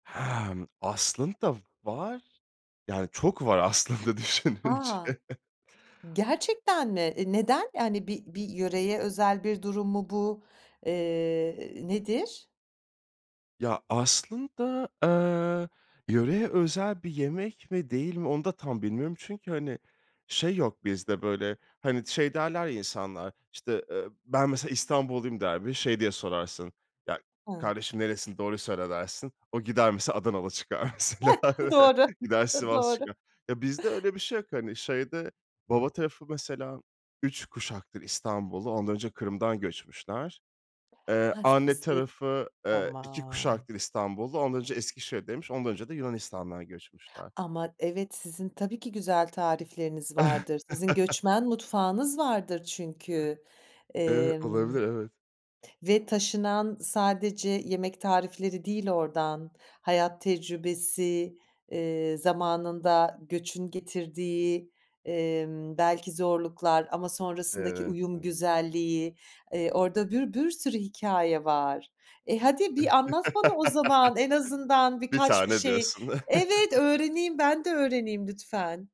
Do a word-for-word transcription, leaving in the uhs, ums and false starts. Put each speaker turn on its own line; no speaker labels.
Hemm, aslında var. Yani, çok var aslında düşününce.
A! Gerçekten mi? E neden? Yani, bir bir yöreye özel bir durum mu bu? Iıı, nedir?
Ya, aslında, eee, yöreye özel bir yemek mi, değil mi, onu da tam bilmiyorum, çünkü, hani, şey yok bizde, böyle, hani, şey derler ya insanlar işte, ııı, "Ben, mesela, İstanbulluyum." der ve şey diye sorarsın, "Ya
Hıı.
kardeşim nerelisin doğruyu söyle." dersin, o gider mesela Adanalı çıkar mesela,
Doğru.
gider Sivas
Doğru.
çıkar. Ya bizde öyle bir şey yok, hani, şeyde baba tarafı mesela üç kuşaktır İstanbullu, ondan önce Kırım'dan göçmüşler. Eee,
Ha,
anne
size
tarafı, eee, iki
Tamam.
kuşaktır İstanbullu, ondan önce Eskişehir'deymiş, ondan önce de Yunanistan'dan göçmüşler.
Ama, evet, sizin tabii ki güzel tarifleriniz vardır. Sizin göçmen mutfağınız vardır çünkü.
Evet,
Emm,
olabilir, evet.
ve taşınan sadece yemek tarifleri değil oradan; hayat tecrübesi, ııı, zamanında göçün getirdiği, emm, belki zorluklar ama sonrasındaki
Evet,
uyum
evet.
güzelliği, eee, orada bir bir sürü hikâye var. E, hadi bir anlat bana o zaman en azından
bir
birkaç bir
tane
şey.
diyorsun.
Evet, öğreneyim, ben de öğreneyim lütfen.